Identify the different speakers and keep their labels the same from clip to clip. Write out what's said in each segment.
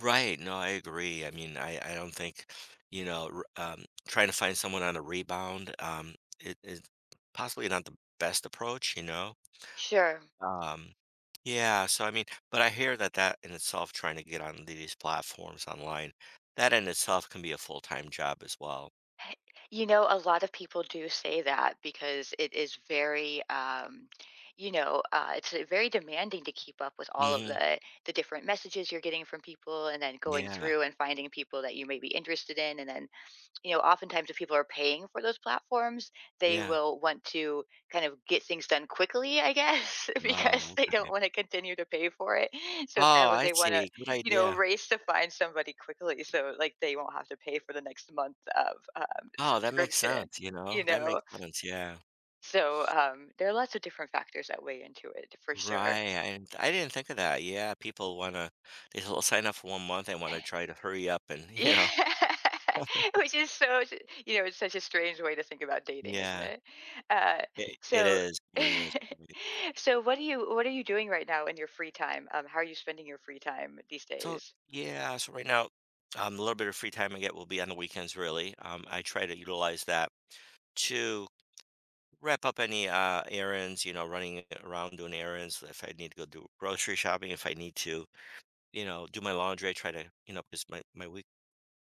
Speaker 1: Right, no, I agree, I mean, I I don't think, you know, r um, tryna find someone on a rebound, um, it is possibly not the best approach, you know,
Speaker 2: Sure.
Speaker 1: um, yeah, so, I mean but I hear that that in itself tryna get on these platforms online, that in itself can be a full-time job as well.
Speaker 2: Heh, you know, a lot of people do say that, because it is very, um, you know, uh, it's very demanding to keep up with all of
Speaker 1: Mhm.
Speaker 2: the the different messages you're getting from people and then going
Speaker 1: Yeah.
Speaker 2: through and finding people that you may be interested in. And then, you know, oftentimes if people are paying for those platforms, they
Speaker 1: Yeah.
Speaker 2: will want to kind of get things done quickly, I guess, because
Speaker 1: Oh,
Speaker 2: they
Speaker 1: okay.
Speaker 2: don't wanna continue to pay for it, so,
Speaker 1: Oh,
Speaker 2: it's kinda like
Speaker 1: I
Speaker 2: they wanna,
Speaker 1: see, good
Speaker 2: you know,
Speaker 1: idea.
Speaker 2: race to find somebody quickly, so, like, they won't have to pay for the next month of, um,
Speaker 1: Oh, that makes
Speaker 2: subscription,
Speaker 1: sense, you know,
Speaker 2: you
Speaker 1: that
Speaker 2: know.
Speaker 1: makes sense, yeah.
Speaker 2: So, um, there are lots of different factors that weigh into it for
Speaker 1: Right,
Speaker 2: sure.
Speaker 1: I and I didn't think of that, yeah, people wanna they'll s sign up for one month, they wanna try to hurry up and you
Speaker 2: Yeah.
Speaker 1: know?
Speaker 2: Which is so y you know, it's such a strange way to think about dating, isn't
Speaker 1: Yeah.
Speaker 2: it, uh,
Speaker 1: I i it
Speaker 2: so
Speaker 1: is, it really is. [unintelligible]
Speaker 2: so, what are you what are you doing right now in your free time? Um, how are you spending your free time these
Speaker 1: So,
Speaker 2: days?
Speaker 1: yeah. So right now, um, a little bit of free time I get will be on the weekends, really, um, I try to utilize that to wrap up any, uh, errands, you know, running a around doing errands, if I need to go do grocery shopping, if I need to, you know, do my laundry, I try to, you know, 'cause my my week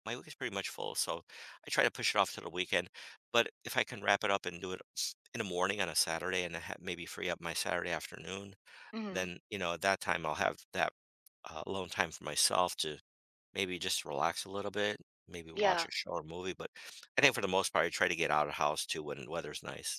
Speaker 1: my week is pretty much full, so I try to push it off to the weekend, but if I can wrap it up and do it s in the morning on a Saturday and I ha maybe free up my Saturday afternoon,
Speaker 2: Mhm.
Speaker 1: then, you know, at that time, I'll have that alone time for myself to maybe just relax a little bit, maybe watch
Speaker 2: Yeah.
Speaker 1: a show or movie. But I think for the most part, I try to get outta house too when weather's nice.